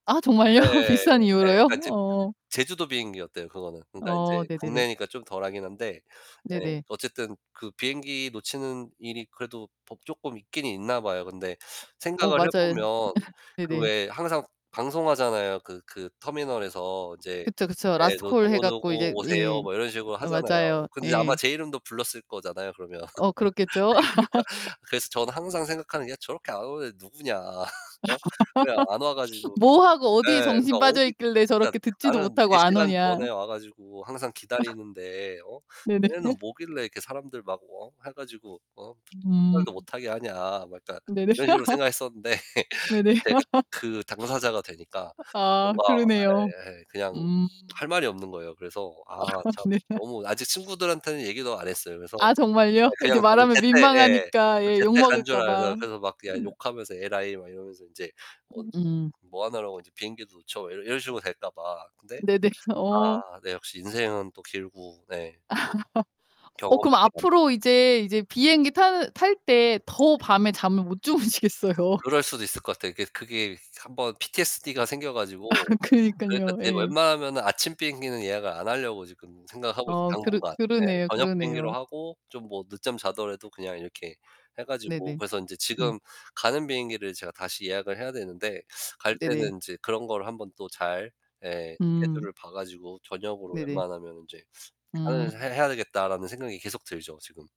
아, 정말요? 네. 비슷한 네. 이유로요? 그니까 지 어. 제주도 비행기였대요 그거는. 그러니까 어. 이제 네네네. 국내니까 좀 덜하긴 한데 예 네네. 어쨌든 그 비행기 놓치는 일이 그래도 뭐 쪼끔 있긴 있나 봐요. 근데 어 생각을 해 맞아요. 보면 그 네네. 왜 항상 방송하잖아요. 그 그 터미널에서 이제 그쵸. 그쵸. 예 라스트 뭐 콜 해 "누구누구 갖고 이제 오세요." 예. 뭐 이런 식으로 하잖아요. 맞아요. 근데 아마 예. 제 이름도 불렀을 거잖아요 그러면. 어 그렇겠죠. 네 그러니까 그래서 저는 항상 생각하는 게 '저렇게 안 오는 애 누구냐. 어? 왜 안 와 가지고' 뭐하고 네 어디에 정신 그러니까 어 빠져 있길래 그니까 저렇게 듣지도 '나는 못하고 4 안 시간 오냐. 전에 와 가지고 항상 기다리는데 어? 네네. 얘네는 뭐길래 이렇게 사람들 막 어 해 가지고 어 출발도 음. 못 하게 하냐.' 뭐 약간 네네. 이런 식으로 생각했었는데 네네. 제가 그 당사자가 되니까 아 뭔가 그러네요. 예예 그냥 음. 할 말이 없는 거예요. 그래서 아 참 네. 너무 아직 친구들한테는 얘기도 안 했어요. 그래서 아 예 정말요? 이제 그냥 저는 말하면 제때 예 민망하니까. 예 제때 간 줄 욕먹을까봐. 알아서 그래서 막 그냥 음. 욕하면서 "에라이" 막 이러면서 인제 어 음. "뭐 하느라고 이제 비행기도 놓쳐." 이 이런 식으로 될까 봐. 근데 네네. 어. 아 네 역시 인생은 또 길고 네. 어 경험에 그럼 대한 앞으로 이제 이제 비행기 탈 탈 때 더 밤에 잠을 못 주무시겠어요. 그럴 수도 있을 것 같아요. 이게 그 그게 1 번 PTSD 가 생겨 가지고 그러니까 그러니깐요. 이제 예. 웬만하면은 아침 비행기는 예약을 안 하려고 지금 생각하고 있어요 어. 그러 당분간. 네, 그러네요. 저녁 비행기로 그러네요. 하고 좀 뭐 늦잠 자더라도 그냥 이렇게 해 가지고. 네네. 그래서 이제 네. 지금 가는 비행기를 제가 다시 예약을 해야 되는데 갈 네네. 때는 이제 그런 걸 한 번 또 잘 예 음. 스케줄을 봐 가지고' 저녁으로 네네. 웬만하면은 이제 하는 해 음. 해야 되겠다.'라는 생각이 계속 들죠 지금.